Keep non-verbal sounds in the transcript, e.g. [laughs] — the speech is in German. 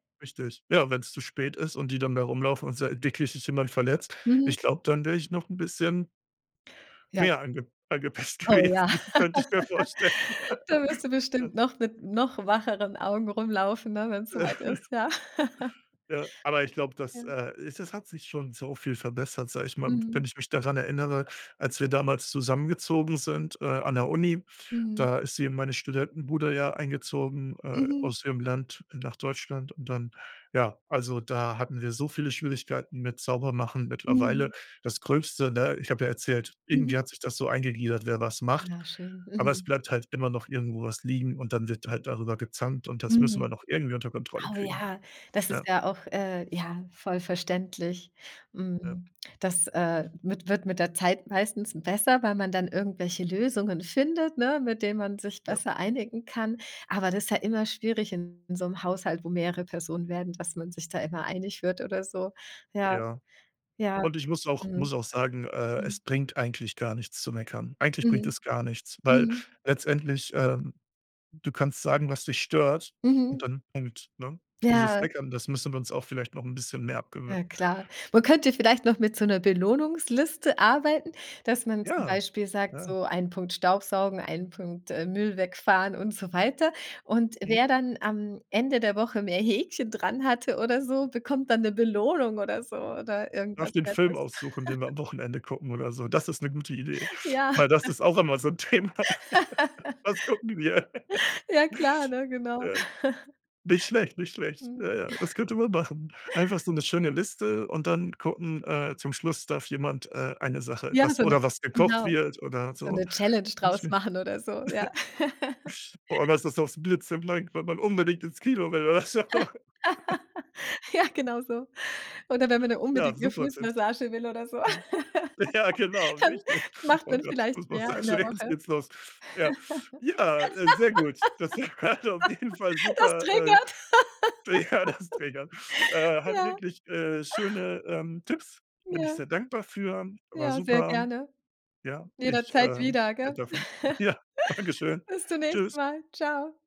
Richtig. Ja, wenn's zu spät ist und die dann da rumlaufen und sei wirklich sich jemand verletzt, Mhm. ich glaub, dann wäre ich noch 'n bisschen Ja. mehr ange angepisst Oh ja. gewesen, könnte ich mir vorstellen. [laughs] Da wirst du [laughs] Ja. bestimmt noch mit noch wacheren Augen rumlaufen, ne, wenn's soweit [giggles] ist, ja. [giggles] Ja, aber ich glaube, das, Ja. äh, ist das hat sich schon so viel verbessert, sage ich mal. W Mhm. wenn ich mich daran erinnere, als wir damals zusammengezogen sind, äh, an der Uni, Mhm. da ist sie in meine Studentenbude ja eingezogen, äh, Mhm. aus ihrem Land nach Deutschland und dann, ja also, da hatten wir so viele Schwierigkeiten mit Saubermachen. Mittlerweile, Mhm. das Gröbste, ne? Ich habe ja erzählt, irgendwie Mhm. hat sich das so eingegliedert, wer was macht. Ah schön. Aber es Mhm. bleibt halt immer noch irgendwo was liegen und dann wird halt darüber gezankt und das müssen wir Mhm. noch irgendwie unter Kontrolle Oh kriegen. ja, das ist Ja. ja auch, äh, ja, voll verständlich. Ja. Hm. Das, äh, wi wird mit der Zeit meistens besser, weil man dann irgendwelche Lösungen findet, ne, mit denen man sich Ja. besser einigen kann. Aber das ist ja immer schwierig in so 'nem Haushalt, wo mehrere Personen werden, dass man sich da immer einig wird oder so. Ja. Ja. Ja. Und ich muss auch Mhm. muss auch sagen, äh, Mhm. es bringt eigentlich gar nichts zu meckern. Eigentlich bringt Mhm. es gar nichts, weil Mhm. letztendlich, ähm, du kannst sagen, was dich stört Mhm. und dann Punkt, ne? Dieses Ja. Meckern, das müssen wir uns auch vielleicht noch 'n bisschen mehr Ja, abgewöhnen. klar. Man könnte vielleicht noch mit so 'ner Belohnungsliste arbeiten, dass man zum Ja. Beispiel sagt, Ja. so 1 Punkt Staubsaugen, 1 Punkt, äh, Müll wegfahren und so weiter. Und, Mhm. wer dann am Ende der Woche mehr Häkchen dran hatte oder so, bekommt dann 'ne Belohnung oder so oder Darf irgendwas den Film Nettes. aussuchen, den wir [giggles] am Wochenende gucken oder so. Das ist 'ne gute Idee, Ja. weil das [giggles] ist auch immer so 'n Thema. Was gucken wir? [giggles] [laughs] Ja klar, ne? Genau. Ja. Nicht schlecht, nicht [giggles] schlecht. Mhm. Ja, ja, das [chuckles] könnte man machen. Einfach so 'ne schöne Liste und dann gucken äh, zum Schluss darf jemand, äh, eine Sache, Ja, was so 'ne, oder was gekocht genau, wird oder so so. 'ne Challenge draus [unintelligible] machen oder so, ja. [chuckles] Boah auf einmal [laughs] ist das blitzeblank, weil man unbedingt ins Kino will, oder so. [laughs] [laughs] Ja, genauso. Oder wenn man dann Ja, unbedingt 'ne super Tipps. Fußmassage will oder so, Mhm. Ja, genau, [laughs] dann richtig. macht Oh man Gott, vielleicht mehr in der Fußmassage, jetzt Woche. geht's los. Ja, ja, äh, sehr gut, das hat auf jeden Fall [laughs] Das super, äh triggert. ja, das Triggern. [laughs] Äh, hat Ja. wirklich äh, schöne, ähm, Tipps, bin ich Ja. sehr dankbar für, war Ja, sehr super. gerne. Ja, ich, Jederzeit ähm, wieder, gell? bin davon Ja, [giggles] dankeschön, Bis zum nächsten tschüss. Mal. Tschau.